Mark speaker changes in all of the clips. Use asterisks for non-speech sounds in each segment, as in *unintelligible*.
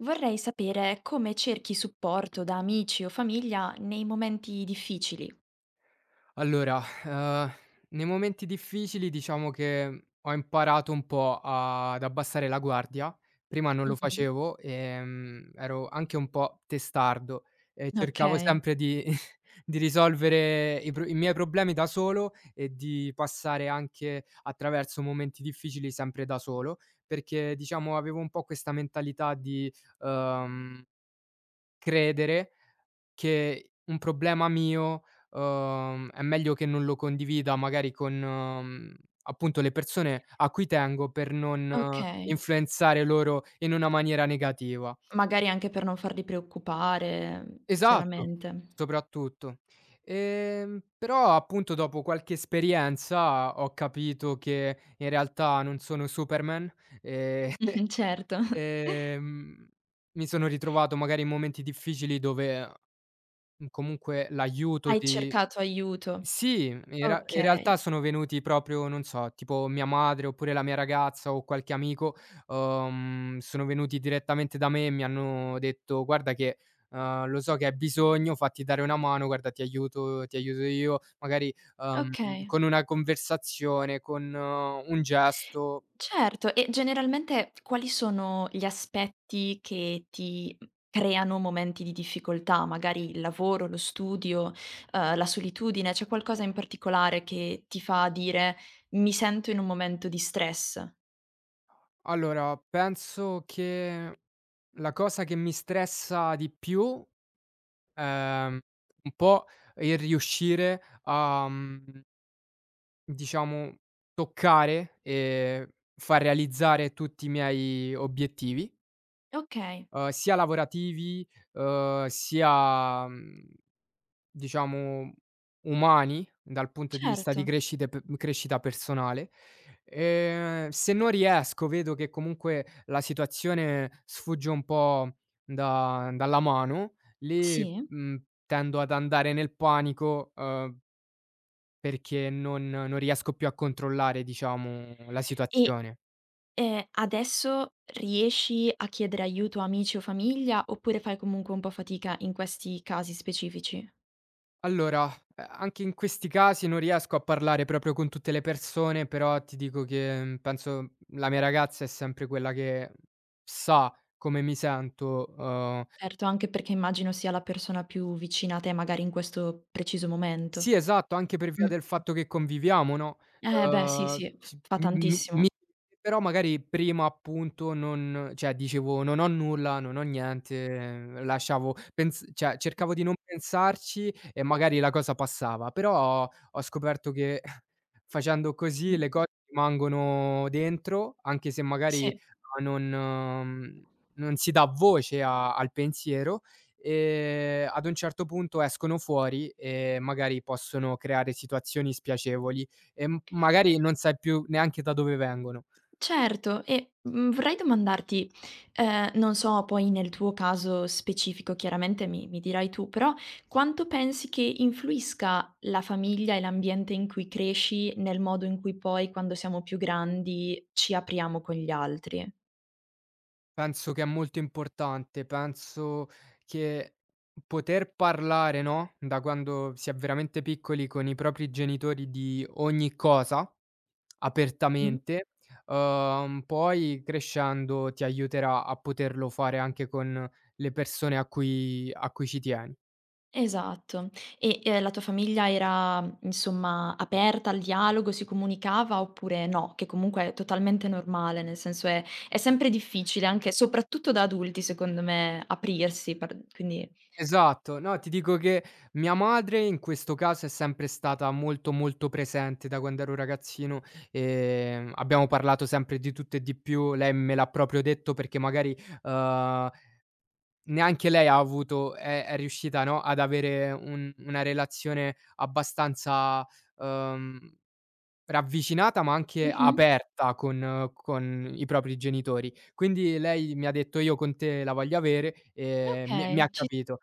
Speaker 1: Vorrei sapere, come cerchi supporto da amici o famiglia nei momenti difficili?
Speaker 2: Allora, *sighs* uhm, nei momenti difficili diciamo che ho imparato un po' a ad abbassare la guardia. Prima non lo
Speaker 1: Mh-mh.
Speaker 2: facevo. Ehm, ero anche un po' testardo e cercavo
Speaker 1: Okay.
Speaker 2: sempre di *chuckles* di risolvere i pro i miei problemi da solo e di passare anche attraverso momenti difficili sempre da solo. Perché diciamo, avevo un po' questa mentalità di, uhm, credere che un problema mio, uhm, è meglio che non lo condivida magari con, uhm, appunto le persone a cui tengo, per non
Speaker 1: Okay.
Speaker 2: influenzare loro in una maniera negativa.
Speaker 1: Magari anche per non farli preoccupare, uhm,
Speaker 2: Esatto!
Speaker 1: chiaramente.
Speaker 2: Soprattutto, ehm però appunto, dopo qualche esperienza, ho capito che in realtà, non sono Superman,
Speaker 1: *chuckles*
Speaker 2: ehm *chuckles*
Speaker 1: Mh-mh, certo. *chuckles*
Speaker 2: ehm, mi sono ritrovato magari in momenti difficili, dove uhm, comunque l'aiuto
Speaker 1: Hai
Speaker 2: di
Speaker 1: cercato aiuto,
Speaker 2: sì, in real in realtà
Speaker 1: okay.
Speaker 2: sono venuti proprio non so, tipo mia madre, oppure la mia ragazza o qualche amico, uhm, sono venuti direttamente da me e mi hanno detto: "Guarda che, uhm, lo so che hai bisogno, fatti dare una mano, guarda ti aiuto ti aiuto io". Magari, uhm,
Speaker 1: Okay.
Speaker 2: con una conversazione, con, uhm, un gesto
Speaker 1: Certo. E generalmente, quali sono gli aspetti che ti uhm, creano momenti di difficoltà? Magari il lavoro, lo studio, uhm, la solitudine, c'è qualcosa in particolare che ti fa dire: "Mi sento in un momento di stress?"
Speaker 2: Allora, penso che la cosa che mi stressa di più, ehm, un po' il riuscire a, mhmm diciamo toccare, ehm, far realizzare tutti i miei obiettivi
Speaker 1: Okay.
Speaker 2: uhm, sia lavorativi, uhm, sia, mhmm, diciamo umani dal punto di vista di
Speaker 1: Certo.
Speaker 2: crescita e pe crescita personale, ehm, se non riesco, vedo che comunque la situazione sfugge un po' da dalla mano, lì,
Speaker 1: Sì.
Speaker 2: mhmm, tendo ad andare nel panico, uhm perché non non riesco più a controllare, diciamo la
Speaker 1: E
Speaker 2: situazione.
Speaker 1: ehm, adesso riesci a chiedere aiuto, amici o famiglia, oppure fai comunque un po' fatica in questi casi specifici?
Speaker 2: Allora, ehm, anche in questi casi non riesco a parlare proprio con tutte le persone, però ti dico che, uhm, penso la mia ragazza è sempre quella che sa come mi sento, uhm
Speaker 1: Certo, anche perché immagino sia la persona più vicina a te, magari in questo preciso
Speaker 2: Sì
Speaker 1: momento,
Speaker 2: esatto, anche per via del
Speaker 1: mh-mh.
Speaker 2: fatto che conviviamo, no,
Speaker 1: Eh beh, sì,
Speaker 2: uhm,
Speaker 1: sì, f
Speaker 2: s
Speaker 1: fa
Speaker 2: m m m mi
Speaker 1: tantissimo.
Speaker 2: *unintelligible* però magari prima appunto non cioè dicevo: "Non ho nulla, non ho niente", lasciavo pens cioè
Speaker 1: Mh.
Speaker 2: cercavo di non pensarci e magari la cosa passava. Però ho scoperto che *chuckles* facendo così le
Speaker 1: Mh-mh.
Speaker 2: cose rimangono dentro, anche se magari
Speaker 1: Sì.
Speaker 2: a non non si dà voce a al pensiero, ehm, ad un certo punto escono fuori e magari possono creare situazioni spiacevoli, e m magari non sai più neanche da dove vengono.
Speaker 1: Certo e, mhmm, vorrei domandarti, ehm, non so poi nel tuo caso specifico chiaramente mi mi dirai tu, però quanto pensi che influisca la famiglia e l'ambiente in cui cresci nel modo in cui poi quando siamo più grandi ci apriamo con gli altri?
Speaker 2: Penso che è molto importante. Penso che, poter parlare, no, da quando si è veramente piccoli con i propri genitori di ogni cosa,
Speaker 1: Mh.
Speaker 2: apertamente, uhm, poi crescendo ti aiuterà a poterlo fare anche con le persone a cui a cui ci tieni.
Speaker 1: Esatto, e e la tua famiglia era, insomma, aperta al dialogo, si comunicava oppure no, che comunque è totalmente normale, nel senso è è sempre difficile anche, soprattutto, da adulti, secondo me aprirsi par quindi
Speaker 2: Esatto, no, ti dico che mia madre in questo caso è sempre stata molto, molto presente da quando ero ragazzino, ehm, abbiamo parlato sempre di tutto e di più, lei me l'ha proprio detto perché magari, uhm, neanche lei ha avuto è è riuscita no, ad avere un una relazione abbastanza, uhm, ravvicinata ma anche
Speaker 1: Mh-mh.
Speaker 2: aperta con con i propri genitori. Quindi lei mi ha detto: "Io con te la voglio avere". E mi mi
Speaker 1: Okay,
Speaker 2: ha
Speaker 1: ci
Speaker 2: capito.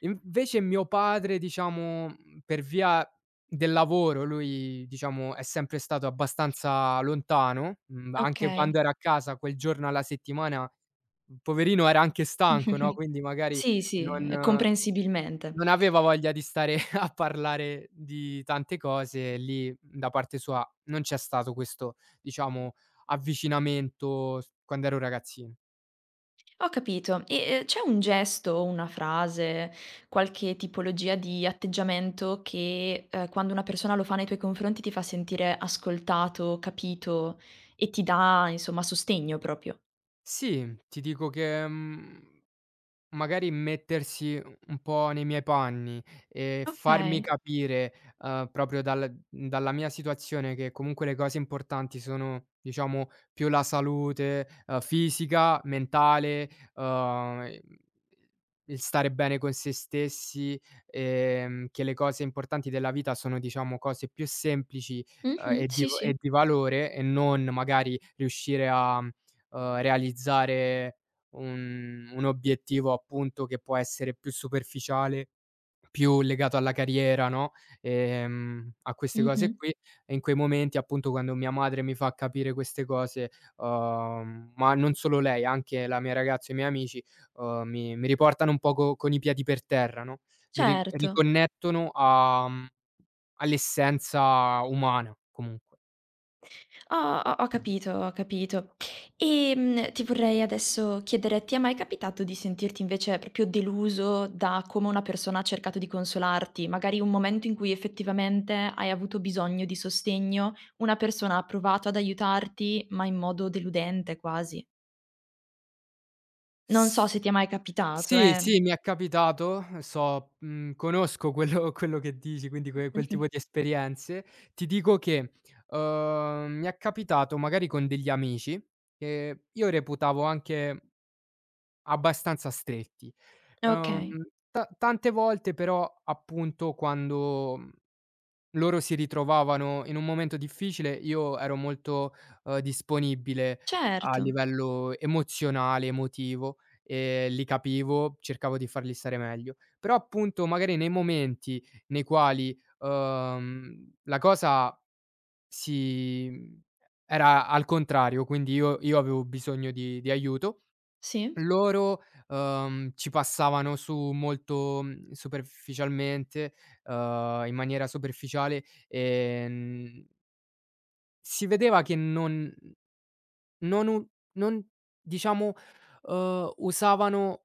Speaker 2: Invece mio padre, diciamo, per via del lavoro lui diciamo è sempre stato abbastanza lontano, mhmm, anche quando
Speaker 1: Okay.
Speaker 2: era a casa quel giorno alla settimana, p poverino era anche stanco no,
Speaker 1: *chuckles*
Speaker 2: quindi magari
Speaker 1: Sì, sì, ehm,
Speaker 2: non
Speaker 1: comprensibilmente.
Speaker 2: non aveva voglia di stare *chuckles* a parlare di tante cose lì da parte sua, non c'è stato questo, diciamo avvicinamento, st quando ero ragazzino.
Speaker 1: Ho capito e e c'è un gesto o una frase, qualche tipologia di atteggiamento che, ehm, quando una persona lo fa nei tuoi confronti ti fa sentire ascoltato, capito, e ti dà insomma sostegno proprio?
Speaker 2: Sì, ti dico che, mhmm, magari mettersi u un po' nei miei panni e farmi
Speaker 1: Okay.
Speaker 2: capire, uhm, proprio dal dalla mia situazione che comunque le cose importanti sono, diciamo più la salute, uhm, fisica, mentale, uhm, i il stare bene con sé stessi, ehm, che le cose importanti della vita sono diciamo cose più semplici, uhm,
Speaker 1: Mh-mh.
Speaker 2: e di
Speaker 1: Sì,
Speaker 2: va e
Speaker 1: sì.
Speaker 2: di valore e non magari riuscire a, mhmm, uhm, realizzare un un obiettivo appunto che può essere più superficiale, più legato alla carriera, no, ehm a queste cose
Speaker 1: Mh-mh.
Speaker 2: qui. E in quei momenti appunto, quando mia madre mi fa capire queste cose, uhm, ma non solo lei, anche la mia ragazza o i miei amici, uhm, mi mi riportano un poco con i piedi per terra, no, mi ri
Speaker 1: Certo.
Speaker 2: riconnettono a, mhmm, all'essenza umana, comunque.
Speaker 1: Ho ho ho capito ho capito. Ehm, ti vorrei adesso chiedere: ti è mai capitato di sentirti, invece, proprio deluso da come una persona ha cercato di consolarti? Magari un momento in cui, effettivamente, hai avuto bisogno di sostegno, una persona ha provato ad aiutarti, ma in modo deludente, quasi? Non so se ti è mai capitato,
Speaker 2: Sì,
Speaker 1: eh.
Speaker 2: sì, mi è capitato, so, mhmm, conosco quello quello che dici, quindi que quel tipo
Speaker 1: Mh-mh.
Speaker 2: di esperienze, ti dico che, uhm, mi è capitato, magari, con degli amici che io reputavo anche abbastanza stretti. Uhm
Speaker 1: Okay.
Speaker 2: ta tante volte però, appunto, quando, mhmm, loro si ritrovavano in un momento difficile, io ero molto, uhm, disponibile a
Speaker 1: Certo.
Speaker 2: livello emozionale, emotivo, ehm, li capivo, cercavo di farli stare meglio. Però, appunto, magari, nei momenti nei quali, uhm, la cosa si, mhmm, era al contrario, quindi io io avevo bisogno di di aiuto,
Speaker 1: Sì?
Speaker 2: loro, uhm, ci passavano su molto, mhmm, superficialmente, uhm, in maniera superficiale e n Si vedeva che non mhmm, non u non diciamo, uhm, usavano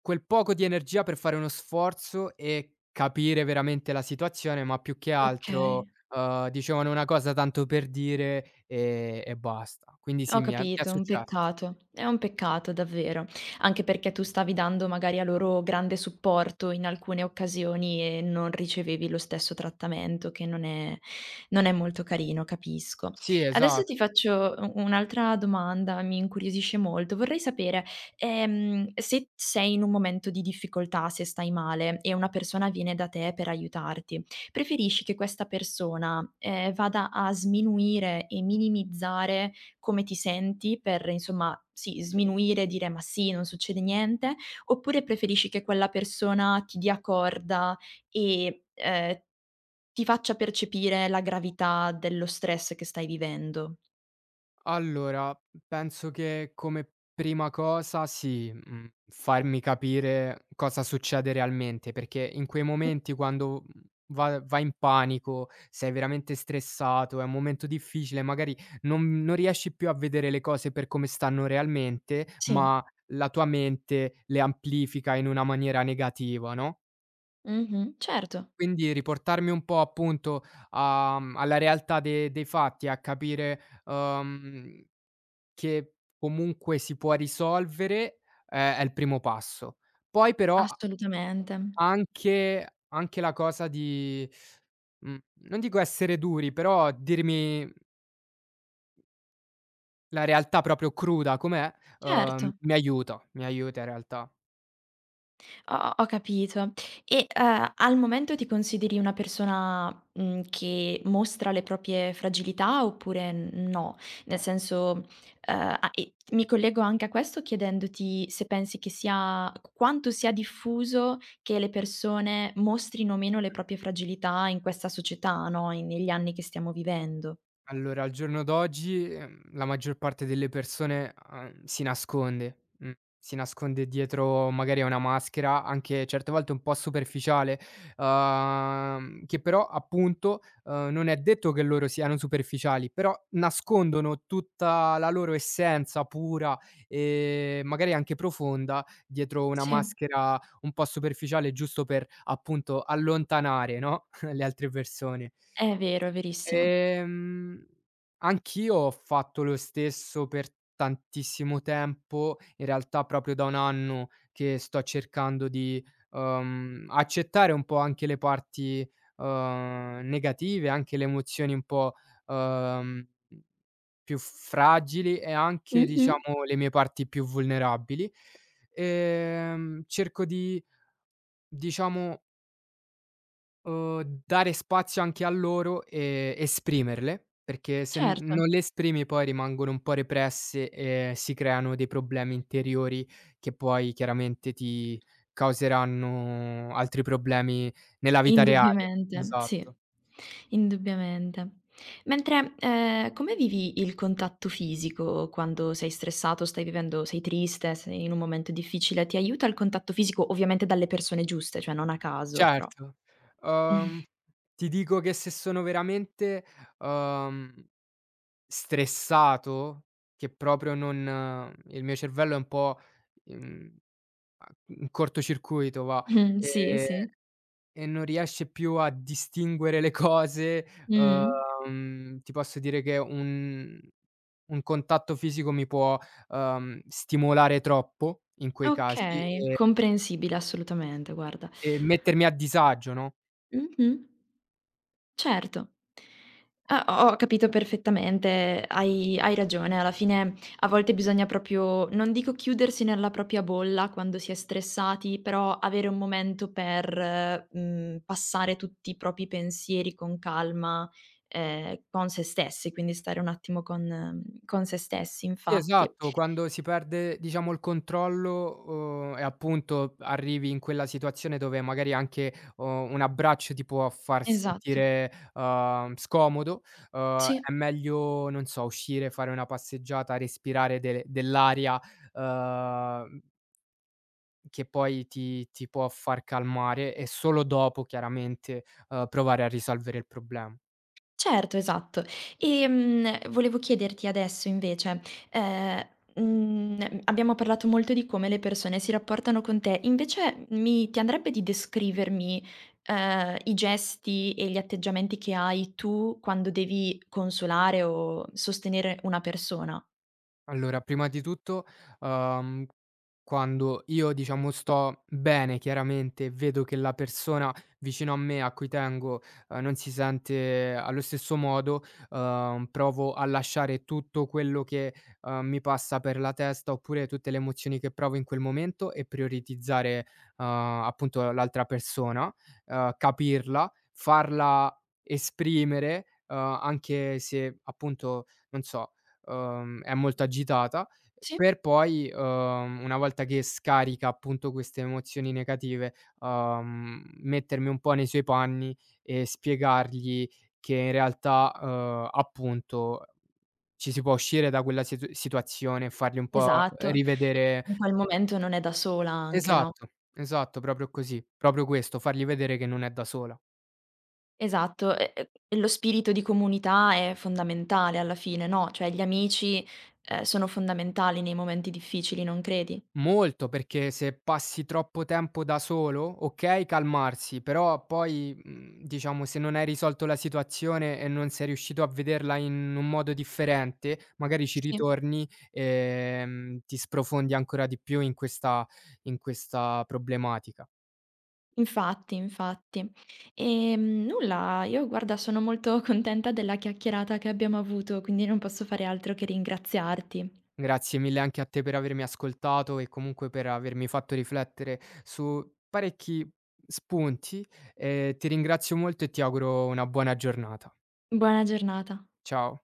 Speaker 2: quel poco di energia per fare uno sforzo e capire veramente la situazione. Ma più che altro,
Speaker 1: Okay.
Speaker 2: uhm, dicevano una cosa tanto per dire e e basta. Quindi sì,
Speaker 1: Ho
Speaker 2: mi è mi è
Speaker 1: capito, un
Speaker 2: successo.
Speaker 1: peccato, è un peccato davvero. Anche perché tu stavi dando, magari, a loro grande supporto in alcune occasioni e non ricevevi lo stesso trattamento che non è non è molto carino, capisco.
Speaker 2: Sì,
Speaker 1: Adesso,
Speaker 2: esa
Speaker 1: ti faccio u un'altra domanda, mi incuriosisce molto. Vorrei sapere, ehm, se t sei in un momento di difficoltà, se stai male e una persona viene da te per aiutarti, preferisci che questa persona, ehm, vada a sminuire e minimizzare come ti senti per, insomma sì, sminuire e dire: "Ma sì, non succede niente", oppure, preferisci che quella persona ti dia corda e, ehm, ti faccia percepire la gravità dello stress che stai vivendo?
Speaker 2: Allora penso che come prima cosa sì, mhmm, farmi capire cosa succede realmente, perché in quei
Speaker 1: Mh.
Speaker 2: momenti quando, mhmm, va vai in panico, sei veramente stressato, è un momento difficile, magari non non riesci più a vedere le cose per come stanno realmente,
Speaker 1: Sì.
Speaker 2: ma la tua mente le amplifica in una maniera negativa, no?
Speaker 1: Mh-mh. Certo.
Speaker 2: Quindi riportarmi un po' appunto a mhmm, alla realtà de dei fatti e a capire, uhm, che comunque si può risolvere, è è il primo passo. Poi però, a
Speaker 1: Assolutamente.
Speaker 2: anche anche la cosa di mhmm, non dico essere duri, però dirmi, mhmm la realtà proprio cruda com'è, uhm,
Speaker 1: Certo.
Speaker 2: mi aiuta, mi aiuta in realtà.
Speaker 1: Ho ho ho capito. E, uhm, al momento ti consideri una persona, mhmm, che mostra le proprie fragilità oppure n no? Nel senso, uhm, a e mi collego anche a questo chiedendoti se pensi che sia q quanto sia diffuso, che le persone mostrino meno le proprie fragilità in questa società, no, in negli anni che stiamo vivendo.
Speaker 2: Allora al giorno d'oggi, uhm, la maggior parte delle persone, uhm, si nasconde, uhm, si nasconde dietro magari a una maschera, anche certe volte un po' superficiale, uhm, che però appunto, uhm, non è detto che loro siano superficiali, però, nascondono tutta la loro essenza pura, e magari anche profonda, dietro una
Speaker 1: Sì.
Speaker 2: maschera, un po' superficiale giusto per, appunto, allontanare, no, *chuckles* le altre persone.
Speaker 1: È vero, è verissimo.
Speaker 2: Ehm, anch'io ho fatto lo stesso per tantissimo tempo, in realtà, proprio da 1 anno che sto cercando di, uhm, accettare un po' anche le parti, uhm, negative, anche le emozioni un po', uhm mhmm, più fragili e anche,
Speaker 1: Mh-mh.
Speaker 2: diciamo, le mie parti più vulnerabili, ehm, cerco di diciamo uhm dare spazio anche a loro e esprimerle, perché se
Speaker 1: Certo.
Speaker 2: non le esprimi poi rimangono un po' represse e si creano dei problemi interiori che poi chiaramente ti causeranno altri problemi nella vita reale.
Speaker 1: Indubbiamente, sì,
Speaker 2: Esatto.
Speaker 1: indubbiamente. Mentre, ehm, come vivi il contatto fisico quando sei stressato, o stai vivendo sei triste, sei in un momento difficile, ti aiuta il contatto fisico? Ovviamente dalle persone giuste, cioè non a caso, però
Speaker 2: Certo, uhm,
Speaker 1: *chuckles*
Speaker 2: ti dico che se sono veramente, uhm, stressato che proprio non il mio cervello è un po mhmm, uhm, in corto circuito va,
Speaker 1: Mh-mh sì,
Speaker 2: ehm,
Speaker 1: sì.
Speaker 2: e non riesce più a distinguere le cose
Speaker 1: Mh.
Speaker 2: uhm, ti posso dire che un un contatto fisico mi può, uhm, stimolare troppo in quei casi
Speaker 1: Okay,
Speaker 2: e
Speaker 1: comprensibile. Assolutamente, guarda.
Speaker 2: e mettermi a disagio, no?
Speaker 1: Mh-mh. Certo. Ah ho ho capito perfettamente, hai hai ragione, alla fine a volte bisogna proprio, non dico chiudersi nella propria bolla quando si è stressati, però avere un momento per mhmm, passare tutti i propri pensieri con calma, ehm, con sé stessi, quindi stare un attimo con uhm, con sé stessi,
Speaker 2: Sì,
Speaker 1: infatti.
Speaker 2: esatto, quando si perde, diciamo, il controllo, uhm, e appunto arrivi in quella situazione dove magari anche, uhm, un abbraccio ti può far
Speaker 1: Esatto.
Speaker 2: sentire, uhm, scomodo, uhm,
Speaker 1: Sì.
Speaker 2: è meglio, non so, uscire, fare una passeggiata, respirare del dell'aria uhm che poi ti ti può far calmare e solo dopo, chiaramente, uhm, provare a risolvere il problema.
Speaker 1: C certo, esatto, ehm, volevo chiederti adesso invece, ehm, uhm, abbiamo parlato molto di come le persone si rapportano con te, invece m mi ti andrebbe di descrivermi, ehm, i gesti e gli atteggiamenti che hai tu quando devi consolare o sostenere una persona?
Speaker 2: Allora, prima di tutto, uhm, quando io diciamo sto bene chiaramente e vedo che la persona vicino a me, a cui tengo, uhm, non si sente allo stesso modo, uhm, provo a lasciare tutto quello che, uhm, mi passa per la testa, oppure tutte le emozioni che provo in quel momento e prioritizzare, uhm, appunto l'altra persona, uhm, capirla, farla esprimere, uhm, anche se appunto, non so, uhm, è molto agitata,
Speaker 1: Sì.
Speaker 2: per poi, uhm, una volta che scarica appunto queste emozioni negative, uhm, mettermi un po' nei suoi panni e spiegargli che in realtà, uhm, appunto ci si può uscire da quella situ situazione e fargli un po'
Speaker 1: Esatto e
Speaker 2: rivedere
Speaker 1: in quel momento non è da sola anche, no?
Speaker 2: Esatto, esatto, proprio così, proprio questo, fargli vedere che non è da sola.
Speaker 1: Esatto, e e e lo spirito di comunità è fondamentale alla fine, no, cioè gli amici, uhm, sono fondamentali nei momenti difficili, non credi?
Speaker 2: Molto, perché se passi troppo tempo da solo, okay calmarsi, però poi, mhmm, diciamo se non hai risolto la situazione e non sei riuscito a vederla in un modo differente, magari ci
Speaker 1: Sì.
Speaker 2: ritorni, ehm, ti sprofondi ancora di più in questa in questa problematica.
Speaker 1: Infatti, infatti, ehm, nulla, io guarda sono molto contenta della chiacchierata che abbiamo avuto, quindi non posso fare altro che ringraziarti.
Speaker 2: Grazie mille anche a te per avermi ascoltato e comunque per avermi fatto riflettere su parecchi spunti e ti ringrazio molto e ti auguro una buona giornata.
Speaker 1: Buona giornata.
Speaker 2: Ciao.